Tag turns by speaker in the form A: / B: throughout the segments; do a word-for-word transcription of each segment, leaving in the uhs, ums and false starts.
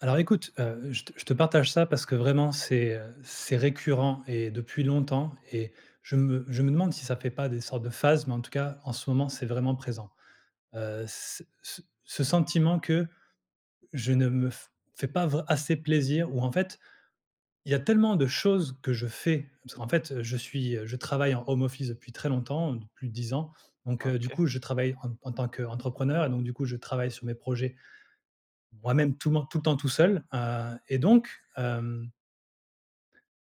A: Alors écoute, heu, je te je te partage ça parce que vraiment c'est, heu, c'est récurrent et depuis longtemps et je me je me demande si ça fait pas des sortes de phases, mais en tout cas en ce moment, c'est vraiment présent. Heu, ce ce ce sentiment que, je ne me f fais pas vr assez plaisir, ou en fait Il y a tellement de choses, que je fais, parce qu'en fait, heu, je suis, heu, je travaille en home office depuis très longtemps, heu, depuis dix ans. Donc,
B: Ah
A: heu, du
B: OK.
A: coup, je travaille en t en tant qu'entrepreneur et donc du coup, je travaille sur mes projets, moi-même, tout men tout le temps tout seul, heu et donc hem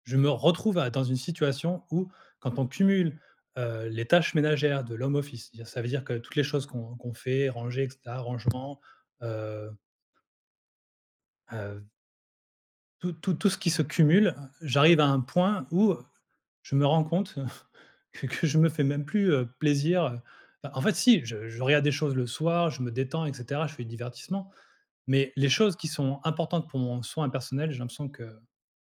A: je me retrouve à dans une situation où, quand on cumule, heu, les tâches ménagères de l' home office, dire ça veut dire que toutes les choses qu'on qu'on fait, ranger et cetera, rangement heu heu, v Tout tout tout ce qui
B: Tu
A: se cumule, heu, j'arrive à un point où, heu, je me rends compte que que je me fais même plus, heu, plaisir. Heu, en fait si, je je regarde des choses le soir, je me détends et cetera, je fais du divertissement. Mais, les choses qui sont importantes pour mon soin personnel, j'ai l'impression que,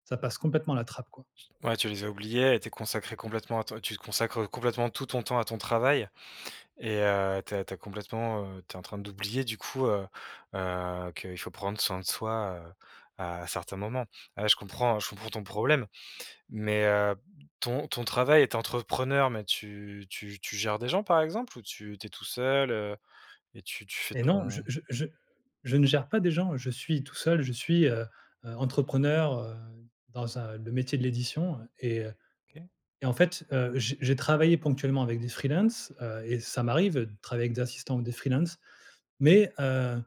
A: ça passe complètement à la trappe quoi.
B: t ouais, tu les as oubliés et tu es consacré complètement à ton tu te consacres, heu, complètement tout ton temps à ton travail et heu, tu as tu as complètement, heu, tu es en train d'oublier du coup, heu, heu, qu'il faut prendre soin de soi, heu, à certains moments. Heu, je comprends, je comprends ton problème mais, heu, ton ton travail est entrepreneur, mais tu tu tu gères des gens par exemple, ou tu tu es tout seul, heu et tu tu fais
A: Et non, je
B: ton
A: je je je ne gère pas des gens, je suis tout seul, je suis, heu, heu, booké, heu, dans un le métier de l'édition, heu et heu,
B: OK.
A: et en fait, heu, j je travaillais ponctuellement avec des freelance, heu et ça m'arrive de travailler avec des assistants ou des freelance. Mais, heu,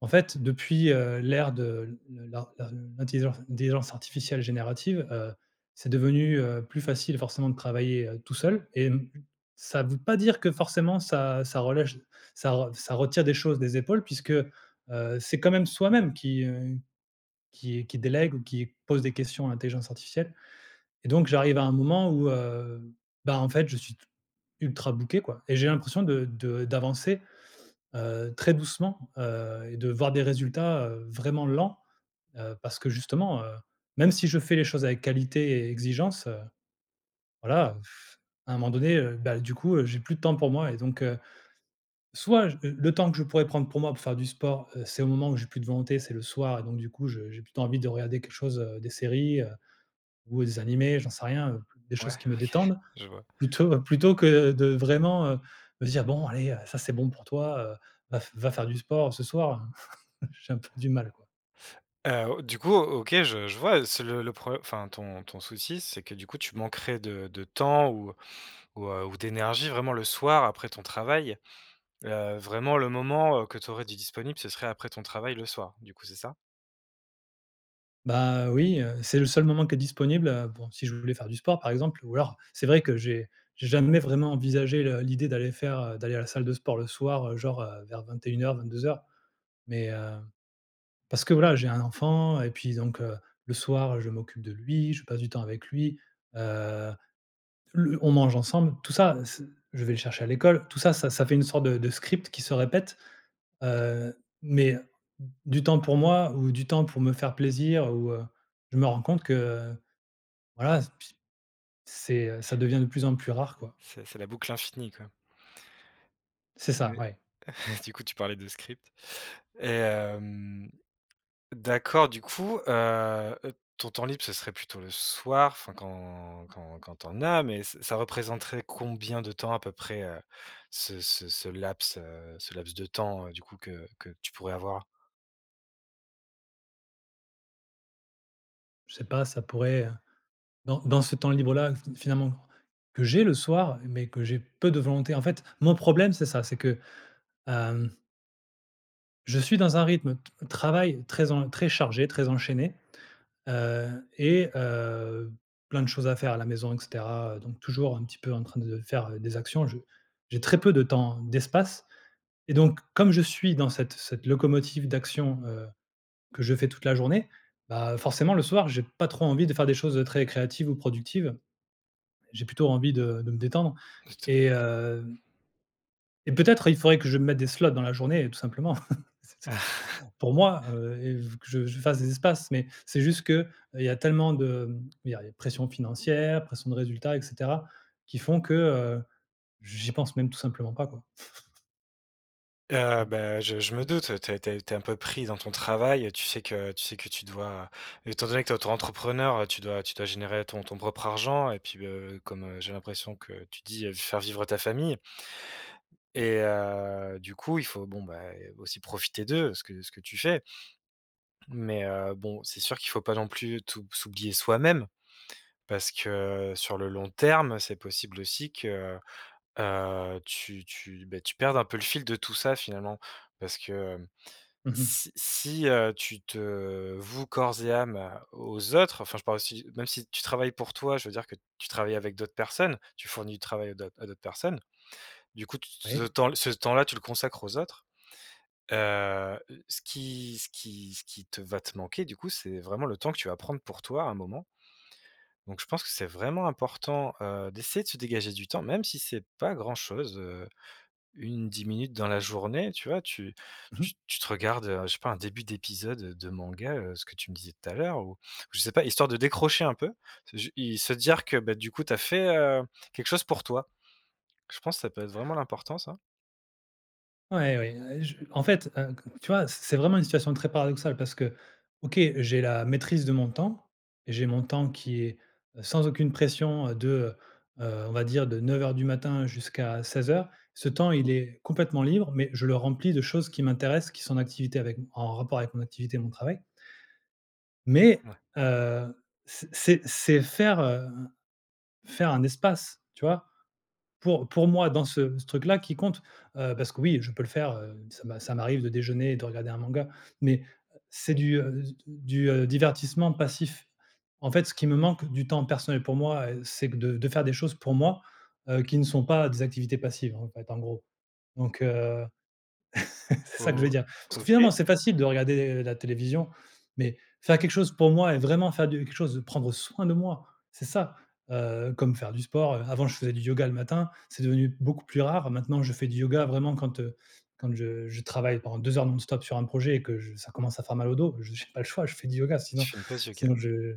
A: en fait depuis, heu, l'ère de le lar, heu, l’intelliseurse telligence artificielle générative, heu, c'est devenu, heu, plus facile forcément de travailler, heu, tout seul et m ça veut pas dire que forcément ça ça relèche ça ça retire des choses des épaules puisque, heu, c'est quand même soi-même qui, heu, qui qui délègue ou qui pose des questions à l'intelligence artificielle et donc j'arrive à un moment où, heu, bah, en fait, je suis t ultra booké quoi. Et j'ai l'impression de de d'avancer, heu, très doucement, heu et de voir des résultats, heu, vraiment lents, heu, parce que justement, heu, même si je fais les choses avec qualité et exigence, heu, voilà, à un moment donné, heu, bah, du coup, heu, j'ai plus de temps pour moi et donc, heu, soit, j le temps que je pourrais prendre pour moi pour faire du sport, heu, c'est au moment où j'ai plus de volonté, c'est le soir et donc du coup, je j'ai plutôt envie de regarder quelque chose, heu, des séries, heu, ou des animés, j'en sais rien, heu, des
B: Ouais.
A: choses qui me détendent
B: OK, je vois.
A: plutôt plutôt que de vraiment, heu, me dire: «Bon allez, heu, ça c'est bon pour toi, heu, va f va faire du sport ce soir». J'ai un peu du mal quoi.
B: Heu, O du coup, O OK je je vois c'est le le pro enfin, ton ton souci c'est que, du coup tu manquerais de de temps ou, heu, ou, heu, ou d'énergie vraiment le soir après ton travail. Heu, vraiment le moment, heu, que tu aurais, de disponible ce serait après ton travail, le soir. Du coup, c'est ça?
A: Bah, heu, oui, heu, c'est le seul moment qui est disponible, heu. Bon, si je voulais faire du sport, par exemple, ou, alors, c'est vrai que, j'ai j'ai jamais vraiment envisagé le l'idée d'aller faire, heu, d'aller à la salle de sport le soir, heu, genre, heu, vers vingt-et-une heures, vingt-deux heures, mais, heu. Parce que, voilà, j'ai un enfant et puis, donc, heu, le soir, heu, je m'occupe de lui. Je passe du temps avec lui, heu, le on mange ensemble, tout ça heu, ce je vais le chercher à l'école. Tout ça, ça ça fait une sorte de de script qui se répète, heu, mais, heu, d du temps pour moi ou du temps pour me faire plaisir ou, heu, je me rends compte que, heu, voilà, s pi c'est, heu, ça devient de plus en plus rare, quoi.
B: C'est c'est la boucle infinie, quoi.
A: C'est ça.
B: Mais,
A: Ouais.
B: du coup, tu parlais de script et hem, d'accord, du coup, heu heu, ton temps libre, ce serait plutôt le soir. Enfin, quand quand quand tu en as. Mais, ce ça représenterait combien de temps à peu près, heu, ce ce ce laps, heu, ce laps de temps, heu, du coup que que tu pourrais avoir?
A: Je sais pas, ça pourrait, heu, dans dans ce temps libre-là, fi finalement, que j'ai le soir mais que j'ai peu de volonté. En fait, mon problème, c'est ça, c'est que, hem Je suis dans un rythme t travail très en très chargé, très enchaîné, heu, et heu, plein de choses à faire à la maison et cetera donc toujours un petit peu en train de faire des actions. Je j'ai très peu de temps, d'espace et donc, comme je suis dans cette cette locomotive d'action, heu, que je fais toute la journée. Bah forcément le soir, j'ai pas trop envie de faire des choses très créatives ou productives. J'ai plutôt envie de de me détendre et
B: [unintelligible] OK.
A: hem et peut-être, il faudrait que je me mette des slots dans la journée tout simplement pour moi, heu, et v que je je fasse des espaces. Mais c'est juste que, heu, il y a tellement de, hem il y a les pression financière, pression de résultats et cetera, qui font que, heu, j'y pense même tout simplement pas, quoi.
B: Heu, ben je je me
A: [unintelligible]
B: doute. Tu es tu es tu es un peu pris dans ton travail, heu, tu sais que tu sais que tu dois étant donné que tu es autoentrepreneur, heu, tu dois tu dois générer ton ton propre argent et puis, heu, comme, heu, j'ai l'impression que tu dis, heu, faire vivre ta famille et heu, du coup, il faut bon, bah aussi profiter d'eux. Ce que ce que tu fais. Mais heu, bon, c'est sûr qu'il faut pas non plus t'ou s'oublier soi-même parce que sur le long terme c'est possible aussi que, heu, tu tu, beh, tu perdes un peu le fil de tout ça, finalement. Parce que, hem,
A: Mmh mh.
B: si si, heu, tu te voues corps et âme, heu, aux autres, enfin, je parle aussi, heu, même si tu travailles pour toi. Je veux dire que tu travailles avec d'autres personnes, tu fournis du travail à d'autres à d'autres personnes. Du coup, tout t ce
A: Oui.
B: temps ce temps-là, tu le consacre aux autres, heu heu, ce qui ce qui ce qui te va te manquer du coup, c'est vraiment le temps que tu vas prendre pour toi à un moment donc je pense que c'est vraiment important, heu, d'essayer de se dégager du temps. Même si c'est pas grand chose, heu, une dix minutes dans la journée. Tu vois? Tu
A: Mmh mh.
B: tu te regarde, heu, je sais pas un début d'épisode, heu, de de manga, heu, ce que tu me disais tout à l'heure ou je sais pas, histoire de décrocher un peu, c'est ju et se dire que, bah du coup, tu as fait, heu, quelque chose pour toi, je pense que ça peut être vraiment l'important, ça.
A: Ouais, oui, heu, je en fait, heu, q tu vois, c'est c'est vraiment une situation très paradoxale parce qu'OK, j'ai la maîtrise de mon temps, j'ai mon temps qui est, heu, sans aucune pression, heu, de, heu heu, on va dire, de neuf heures du matin jusqu'à seize heures. Ce temps, il est complètement libre, mais je le remplis de choses qui m'intéressent, qui sont en activité avec m en rapport avec mon activité et mon travail. Mais,
B: Ouais.
A: heu, c c'est c'est faire, hem, faire un espace. Tu vois? Pour pour moi, dans ce ce truc-là qui compte, heu, parce que oui, je peux le faire, heu, ça m'a ça m'arrive de déjeuner et de regarder un manga, mais heu, c'est du, heu, d du, heu, divertissement passif. En fait, ce qui me manque du temps personnel pour moi, heu, c'est que de de faire des choses pour moi, heu, qui ne sont pas des activités passives, en fait, en gros. Donc heu, c'est
B: Oh
A: ça que je veux
B: vo
A: dire. Parce que,
B: OK.
A: finalement, c'est facile de regarder, heu, la télévision, mais faire quelque chose pour moi et vraiment faire du quelque chose de prendre soin de moi, c'est ça, heu, comme faire du sport, heu, avant, je faisais du yoga le matin, c'est devenu beaucoup plus rare. Maintenant, je fais du yoga vraiment quand, heu, quand je je travaille pendant deux heures non-stop sur un projet et que j ça commence à faire mal au dos, je j'ai pas le choix, je fais du yoga sinon
B: Tu fais une pause yoga.
A: sinon je,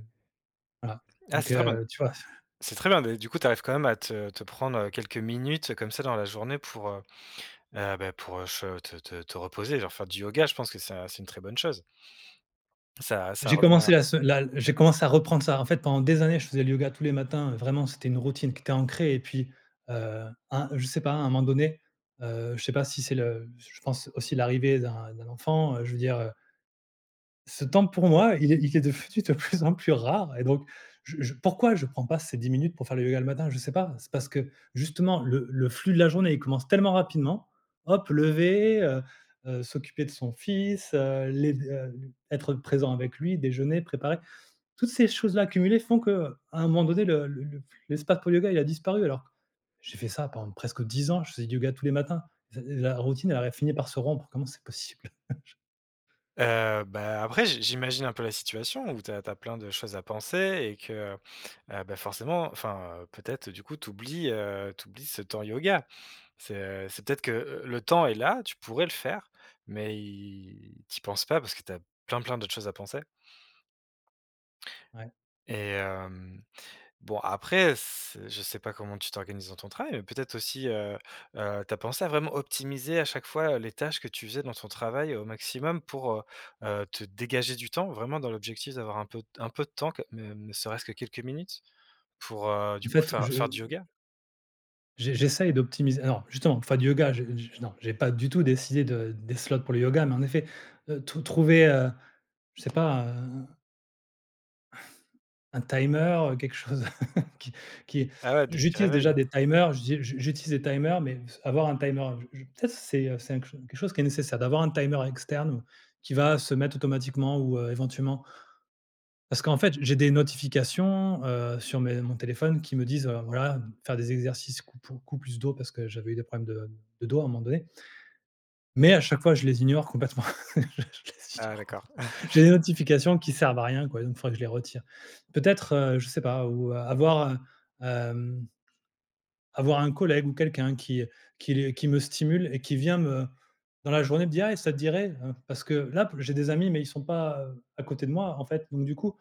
A: voilà,
B: Ah
A: donc,
B: c'est très bien.
A: heu, tu vois?
B: C'est très bien mais du coup, tu arrives quand même à te te prendre, heu, quelques minutes, comme ça, dans la journée pour, heu heu, bah, pour, heu, che te te te reposer, genre, faire du yoga, je pense que ça, c'est une très bonne chose. Ça ça
A: J'ai
B: revient.
A: commencé la se la j'ai commencé à reprendre ça. En fait, pendant des années, je faisais le yoga tous les matins, vraiment, c'était une routine qui était ancrée et puis, heu, un, je sais pas, à un moment donné, heu, je sais pas si c'est le je pense aussi l'arrivée d'un d'un enfant, heu, je veux dire, heu. Ce temps pour moi, il est il est defenu de plus en plus rare et donc, je je pourquoi je prends pas ces dix minutes pour faire le yoga le matin? Je sais pas. C'est parce que justement le le flux de la journée, il commence tellement rapidement, hop, lever, heu heu, s'occuper de son fils, heu, les d heu, l être présent avec lui, déjeuner, préparer. Toutes ces choses-là cumulées font que, à un moment donné le le le l'espace pour le yoga, il a disparu. Alors, j'ai fait ça pendant presque dix ans, je faisais du yoga tous les matins, s heu, la routine, elle aurait fini par se rompre, comment c'est possible? J
B: Heu, bah, après, j j'imagine un peu la situation où tu as tu as plein de choses à penser et que, heu heu, bah, forcément, enfin, heu, peut-être du coup, tu oublies, heu, tu oublies ce temps yoga. C'est, heu, c'est peut-être que, heu, le temps est là, tu pourrais le faire mais i tu y penses pas parce que tu as plein, plein d'autres choses à penser.
A: Ouais.
B: Et hem, bon après, s je sais pas comment tu t'organises dans ton travail mais peut-être aussi, heu heu, tu as pensé à vraiment optimiser à chaque fois, heu, les tâches que tu faisais dans ton travail au maximum pour, heu heu, te dégager du temps vraiment dans l'objectif d'avoir un peu t un peu de temps que même ne serait-ce que quelques minutes pour, heu,
A: En
B: du coup
A: fait,
B: faire
A: je,
B: faire du
A: heu
B: yoga?
A: J'e j'essaye d'optimis non, justement, pour faire du yoga, j'ai je non, j'ai pas du tout décidé de des slots pour le yoga mais en effet, heu, trou trouver, heu, je sais pas, heu, un un timer, heu, quelque chose qui qui
B: Ah ouais, des petits
A: j'utilise déjà
B: réveils.
A: des timers, j'ai j'u j'utilise des timers, mais s avoir un timer, je je peut-être c'est, heu, c'est un cl quelque chose qui est nécessaire, d'avoir un timer externe, qui va se mettre automatiquement ou, heu, éventuellement. Parce qu'en fait, j'ai des notifications, heu, sur mes mon téléphone qui me disent, heu, voilà m faire des exercices coupo cou plus dos parce que j'avais eu des problèmes de mmh, de dos, à un moment donné mais à chaque fois je les ignore complètement, je les
B: Ah
A: ignore
B: d'accord.
A: complètement. J'ai des notifications qui servent à rien quoi, même il faudrait que je les retire. Peut-être, heu, je sais pas, ou, heu, avoir, heu, hem avoir un collègue ou quelqu'un qui, heu, qui les qui me stimule et qui vient me, dans la journée me dire: «Eh, ça te dirait». Hein, parce que là p j'ai des amis mais ils sont pas, heu, à côté de moi en fait, donc du coup.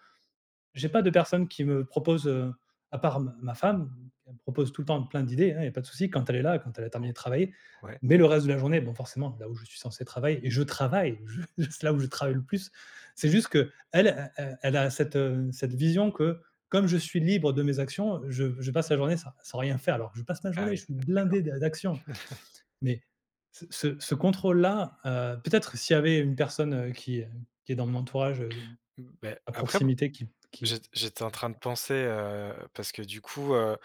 A: J'ai pas de personne qui me propose, heu, à part m ma femme mmh, elle me propose tout le temps plein d'idées hein. Il y a pas de souci quand elle est là et quand elle a terminé de travailler,
B: Ouais.
A: mais le reste de la journée, bon forcément là où je suis censé travailler et je travaille, ju juste là où je travaille le plus. C'est juste qu'elle, e e elle a cette mmh, cette vision que, comme je suis libre de mes actions, heu, je je passe la journée sans sans rien faire. Alors que je passe ma
B: Ah
A: journée,
B: oui,,
A: je suis
B: [unintelligible]
A: blindé
B: d'accord.
A: d d'actions, mais ce ce ce contrôle là, heu, peut-être s'il y avait une personne, heu, qui, hem, qui est dans mon entourage, heu,
B: Mmh beh,
A: à
B: après m
A: proximité qui qui est
B: j'ét j'étais en
A: avec
B: train de
A: moi
B: penser, heu, parce que du coup, heu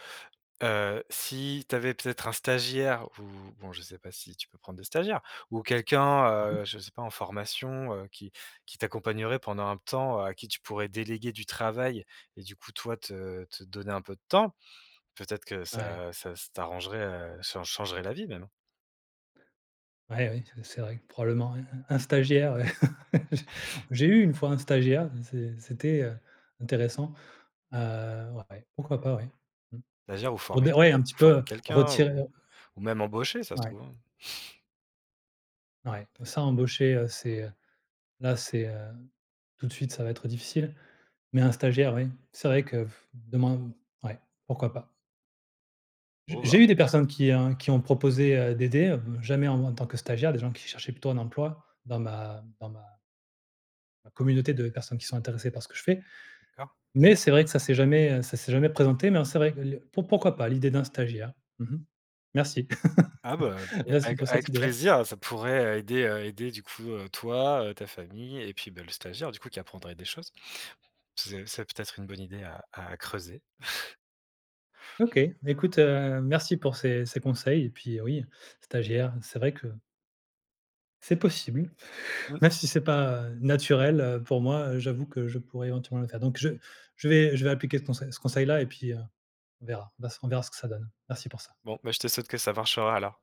B: heu, si tu avais peut-être un stagiaire ou bon je sais pas si tu peux prendre des stagiaires, ou quelqu'un,
A: Mmh mh.
B: heu, je sais pas en formation, heu, qui qui t'accompagnerait pendant un temps, heu, à qui tu pourrais déléguer du travail, et du coup toi, te te donner un peu de temps, peut-être que
A: Ouais.
B: ça, heu, ça ça s t'arrangerait, heu, chan changerait la vie même.
A: Ouais, oui, c c'est vrai que probablement un un un stagiaire, ouais. J j'ai eu une fois un stagiaire et c'est c'était, heu, intéressant, heu, ouais, ouais, pourquoi pas, ouais. Mmh.
B: Stagiaire ou
A: Pour
B: former
A: dire,
B: que
A: ouais, un
B: q
A: petit peu,
B: former
A: heu,
B: quelqu'un
A: retirer
B: ou ou même embaucher, ça se
A: Ouais.
B: trouve, hein.
A: Ouais, ça embaucher, heu, c'est, heu, là, c'est, heu, tout de suite, ça va être difficile, mais un stagiaire, oui, c'est vrai que pff demain, ouais, pourquoi pas. J
B: Oh, bah
A: j'ai eu des personnes qui, heu, qui ont proposé, heu, d'aider, heu, jamais en tant que stagiaires, des gens qui cherchaient plutôt un emploi dans ma dans ma ma communauté de personnes qui sont intéressées par ce que je fais,
B: D'accord.
A: mais c'est vrai que ça s'est jamais, heu, ça s'est jamais présenté, mais en c'est vrai que le pour pourquoi pas l'idée d'un stagiaire? Mmh mh. Merci.
B: Ah bah, beh
A: Merci
B: avec
A: pour cette
B: avec
A: idée-là!
B: plaisir, ça pourrait, aider, aider du coup, heu, toi, ta famille et puis, bah le stagiaire du coup qui apprendrait des choses. C'est c'est peut-être une bonne idée à à creuser.
A: OK, écoute, heu, merci pour ces ces conseils et puis, heu, oui, stagiaire, c'est vrai que c'est possible,
B: Mmh.
A: même si c'est pas naturel, heu, pour moi, heu, j'avoue que je pourrais éventuellement le faire, donc je je vais je vais appliquer ce conseil ce conseil-là, et puis, heu, on verra, vas on verra ce que ça donne. Merci pour ça.
B: Bon, beh je te souhaite que ça marchera alors.